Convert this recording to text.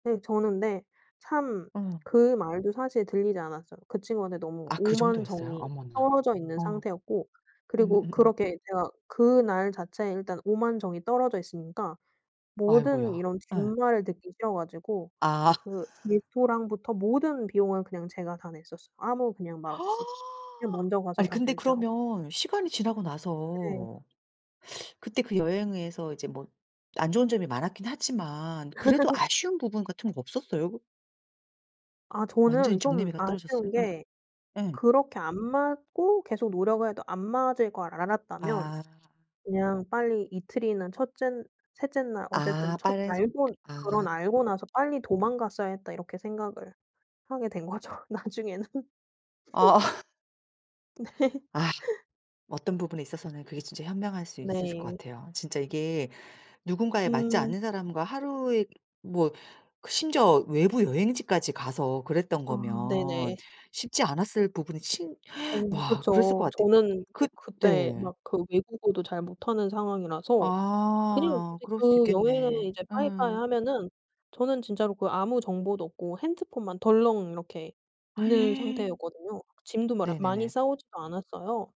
음 저는 근데 참 어. 그 말도 사실 들리지 않았어요. 그 친구한테 너무 아 그 오만 정도였어요? 정이 어머나. 떨어져 있는 어. 상태였고 그리고 음음음. 그렇게 제가 그날 자체에 일단 오만 정이 떨어져 있으니까 모든 아이고야. 이런 예. 뒷말을 듣기 싫어가지고 아. 그 레스토랑부터 모든 비용을 그냥 제가 다 냈었어요 아무 말 없이. 그냥 먼저 가서 아니 다 근데 결제하고. 그러면 시간이 지나고 네. 나서 그때 그 여행에서 이제 뭐 안 좋은 점이 많았기는 하지만 그래도 아쉬운 부분 같은 거 없었어요 그? 아 완전히 저는 좀 정나미가 떨어졌어요? 아쉬운 게 예. 예. 그렇게 안 맞고 계속 노력을 해도 안 맞을 걸 알았다면 아. 그냥 빨리 이틀이나 1 째 3 째 날 어쨌든 아 첫 빠른 속 알고 아. 그런 '알고 나서 빨리 도망갔어야 했다.' 이렇게 생각을 하게 된거죠 나중에는. 어. 네. 아 어떤 부분에 있어서는 그게 진짜 현명할 수 있었을 것 네. 같아요. 진짜 이게 누군가에 맞지 음. 않는 사람과 하루에 뭐 그 심지어 외부 여행지까지 가서 그랬던 아 거면 네네. 쉽지 않았을 부분이 친 어 와 그랬을 것 그쵸. 같아요. 저는 그 또 그때 네. 막 그 외국어도 잘 못하는 상황이라서 그냥 아 이제 그럴 수도 그 여행을 있겠네. 이제 빠이빠이 음. 하면은 저는 진짜로 그 아무 정보도 없고 핸드폰만 덜렁 이렇게 있는 상태였거든요. 짐도 마라 많이 네네네. 싸 오지도 않았어요.